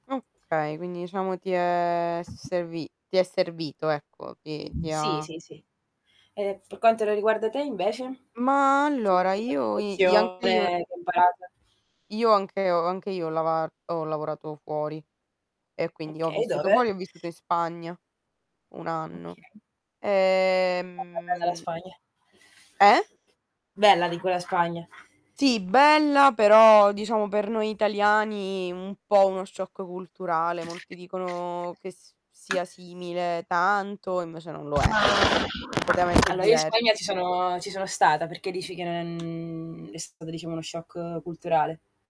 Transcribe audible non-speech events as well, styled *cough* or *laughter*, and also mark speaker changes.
Speaker 1: Okay quindi diciamo ti è servi ti è servito ecco, ti ti
Speaker 2: Sì,
Speaker 1: ha
Speaker 2: sì, sì. Ehm, per quanto la riguarda te invece?
Speaker 1: Ma allora
Speaker 2: *unintelligible*
Speaker 1: io i i anche io
Speaker 2: lezione che imparato
Speaker 1: Io anche ho anche io ho lavar ho lavorato fuori e quindi ho
Speaker 2: Okay,
Speaker 1: vissuto
Speaker 2: dove?
Speaker 1: fuori, ho vissuto in Spagna 1 anno,
Speaker 2: Okay. *unintelligible* Bella la
Speaker 1: ehm
Speaker 2: Spagna.
Speaker 1: Eh?
Speaker 2: Bella dico, la Spagna.
Speaker 1: Sì, bella però diciamo per noi italiani un po' uno shock culturale. Molti dicono che s sia simile tanto e invece non lo è.
Speaker 2: Ma ma
Speaker 1: Completamente
Speaker 2: allora io in Spagna ci
Speaker 1: diversa.
Speaker 2: sono ci sono stata, perché dici che non è stata diciamo uno shock culturale.